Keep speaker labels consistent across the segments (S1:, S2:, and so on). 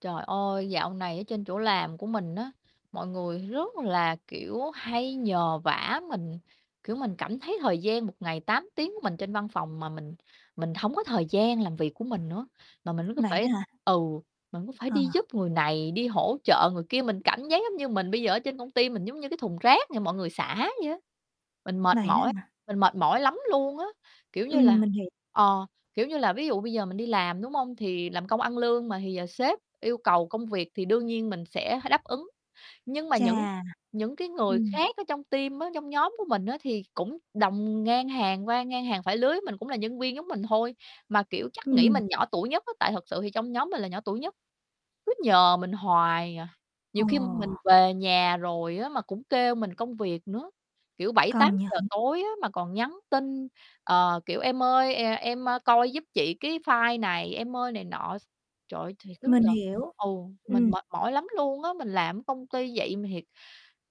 S1: Trời ơi, dạo này ở trên chỗ làm của mình á, mọi người rất là, kiểu, hay nhờ vả mình, kiểu, mình cảm thấy thời gian 1 ngày 8 tiếng của mình trên văn phòng mà mình mình hổng có thời gian làm việc của mình nữa, mà mình cứ
S2: Vậy
S1: phải
S2: đó hả?
S1: ừ, mình cứ phải
S2: Ờ.
S1: đi giúp người này, đi hỗ trợ người kia, mình cảm giác giống như mình bây giờ ở trên công ty mình giống như cái thùng rác cho mọi người xả vậy á. Mình mệt
S2: Vậy đó
S1: mỏi,
S2: hả?
S1: mình mệt mỏi lắm luôn á, kiểu như là,
S2: Ừm, mình hiểu.
S1: ờ, kiểu như là, ví dụ bây giờ mình đi làm, đúng hông? Thì làm công ăn lương mà, thì giờ sếp yêu cầu công việc thì đương nhiên mình sẽ h đáp ứng. Nhưng mà những
S2: Chà.
S1: những cái người
S2: Ừm.
S1: khác ở trong team á, trong nhóm của mình á thì cũng đồng ngang hàng qua ngang hàng phải lứa với mình, cũng là nhân viên giống mình thôi mà, kiểu, chắc nghĩ
S2: Ừm.
S1: mình nhỏ tuổi nhất á, tại thật sự thì trong nhóm mình là nhỏ tuổi nhất, cứ nhờ mình hoài à. Nhiều
S2: Ờ.
S1: khi mình về nhà rồi á mà cũng kêu mình công việc nữa, kiểu, bảy tám
S2: Công
S1: giờ
S2: nhận.
S1: tối á mà còn nhắn tin, ờ, kiểu, "Em ơi, e em, a, coi giúp chị cái file này em ơi, này nọ s" Trời ơi, thiệt
S2: Mình
S1: [unintelligible]
S2: hiểu,
S1: ừ, mình
S2: ừm.
S1: mệt mỏi lắm luôn á, mình làm ở công ty vậy mà thiệt,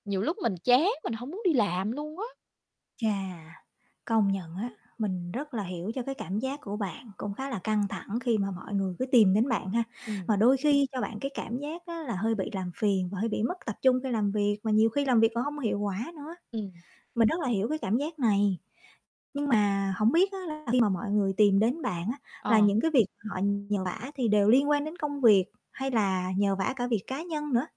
S1: nhiều lúc mình chán mình hổng muốn đi làm luôn á.
S2: Chà, công nhận á, mình rất là hiểu cho cái cảm giác của bạn, cũng khá là căng thẳng khi mà mọi người cứ tìm đến bạn ha.
S1: Ừm.
S2: Mà đôi khi cho bạn cái cảm giác á là hơi bị làm phiền và hơi bị mất tập trung khi làm việc, mà nhiều khi làm việc còn hông có hiệu quả nữa.
S1: Ừm.
S2: Mình rất là hiểu cái cảm giác này. Nhưng mà hổng biết á là khi mà mọi người tìm đến bạn á là
S1: Ờ.
S2: những cái việc họ nhờ vả thì đều liên quan đến công việc hay là nhờ vả cả việc cá nhân nữa?